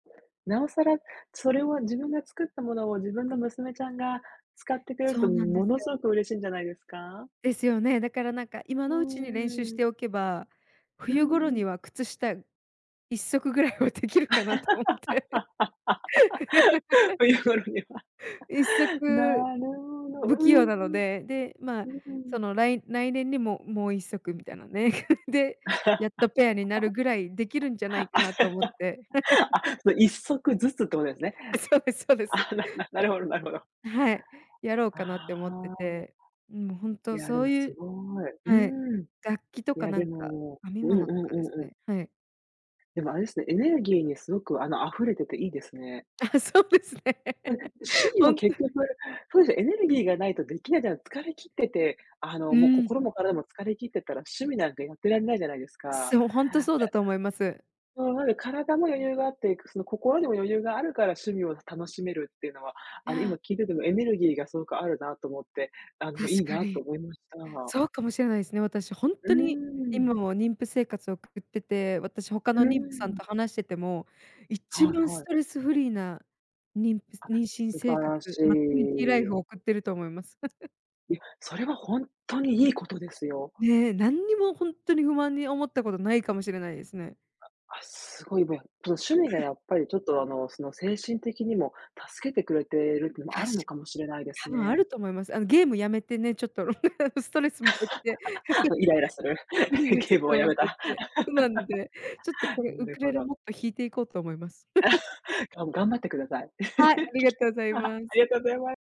なおさら、それを、自分が作ったものを、自分の娘ちゃんが使ってくれるそと、うなんでものすすごよ。く嬉しいんじゃないですか？ですよね。だから、なんか、今うのうちに練習しーん。ておけば、うー冬頃ん。には靴下1足ぐらいはできるかなと思って。冬頃には、1足なるほど。不う器ん用うなのん。で、で、ま、うんうん。そのらい来年にももう1足みたいなね。で、やっ とペアになるぐらい出来るんじゃないかあ、なと思って。その、1足ずつってことですね。あ、そうですそうです。あ、なななだるほどなるほど。はい、やろうかなって思ってああ。て。うん、ほんいとや、でそうも、いすうごい。はい、うーん。楽器といか、や、なでんか、も編みうんう物んとうかですんうん。ね、はい。でも、あれですね、エネルギーにすごく、あの、溢れてていいですね。ああ、そうですね。うん、趣 味ほもんと結局、そうですね、エネルギーがないとできないじゃん、疲れ切ってて、あの、うも、ーん。心も体も疲れ切ってたら趣味なんかやってられないじゃないですか。そう、ほんと、そうだと思います。ええうん、ほら、体も余裕があって、くその心にも余裕があるから趣味を楽しめるっていうのは、いあの、今や。聞いててもエネルギーがすごくあるなと思って、あの、たいしいかなとに。思いました。そうかもしれないですね。私ほんうとに、ーん。今も妊婦生活送ってて、私他うーの妊婦さんん。と話してても、一はい番はスい。トレスフリーな妊婦あ、妊娠素生晴活、らしマタニティライフをい。送ってると思います。いや、それはほんとに、いいことですよ。ね、何にもほんとに不満に思ったことないかもしれないですね。あ、あ、すごいびやその趣味がや っぱりちょっと、あの、その精神的にも助けてくれてるっていうの、あたるのしかもしれないです多分あね。ると思います。あの、ゲーム止めてね、ちょっと ストレスも減って。も、イライラする ゲームはやめた。うまんで、ちょっと これなウるクレほレど。もっと弾いていこうと思います。がん頑張ってください。はい、ありがとう ございあます。りがとうございます。